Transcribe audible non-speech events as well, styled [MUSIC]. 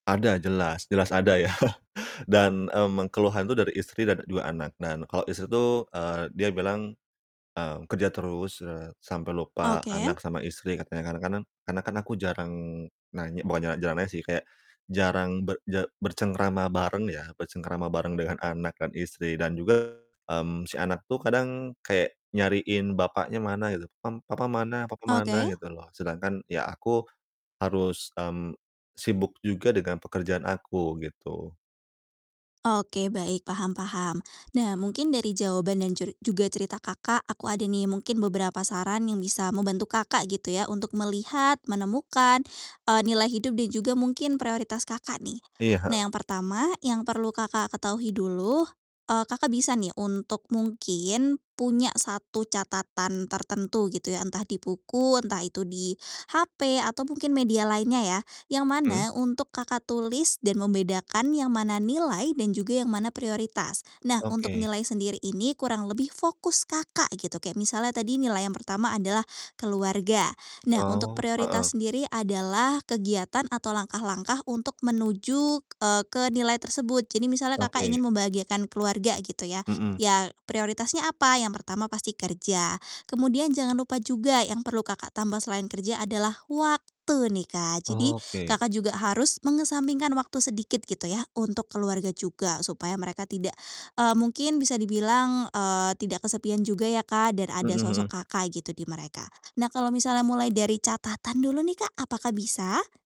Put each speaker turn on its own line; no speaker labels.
Ada, jelas, jelas ada ya, [CHUCKLES] dan, mmm, keluhan itu dari istri dan ada 2 anak, dan kalo istri tuh, eee, dia bilang, eee, kerja terus, eee, sampai lupa
Oke.
anak sama istri katanya, kadang-kadang karena kan aku jarang nanya bukan ja jarang nanya sih, kayak jarang berje bercengkrama bareng ya, bercengkrama bareng dengan anak dan istri dan juga, mmm, si anak tuh kadang kayak nyariin bapaknya mana gitu, pam "Papa mana? Papa mana?"
Oke.
Gitu loh. Sedangkan ya aku harus, mmm, sibuk juga dengan pekerjaan aku gitu.
Oke baik, paham paham. Nah mungkin dari jawaban dan jur juga cerita Kakak, aku ada nih mungkin beberapa saran yang bisa membantu Kakak gitu ya, untuk melihat, menemukan, eee, nilai hidup dan juga mungkin prioritas Kakak nih.
Iya, heeh.
Nah, yang pertama yang perlu Kakak ketahui dulu, eee, Kakak bisa nih untuk mungkin punya 1 catatan tertentu gitu ya, entah di buku, entah itu di HP, atau mungkin media lainnya ya, yang
Mhm.
mana untuk Kakak tulis, dan membedakan yang mana nilai, dan juga yang mana prioritas. Nah, untuk
Oke.
nilai sendiri ini kurang lebih fokus Kakak, gitu. Kayak misalnya tadi nilai yang pertama adalah keluarga. Nah, untuk
Oh, heeh.
prioritas sendiri adalah kegiatan atau langkah-langkah untuk menuju, eee, ke nilai tersebut. Jadi, misalnya Kakak ingin
Oke.
membahagiakan keluarga gitu ya.
Mhm.
Ya prioritasnya apa? Yang pertama pasti kerja, kemudian jangan lupa juga yang perlu Kakak tambah selain kerja adalah waktu nih, Kak. Jadi,
Oke.
Kakak juga harus mengesampingkan waktu sedikit gitu ya, untuk keluarga juga supaya mereka tidak eee, mungkin bisa dibilang, eee, tidak kesepian juga ya Kak, dan ada
Mhm
sosok
mhm.
Kakak gitu, di mereka. Nah kalau misalnya mulai dari catatan dulu nih, Kak, apakah bisa?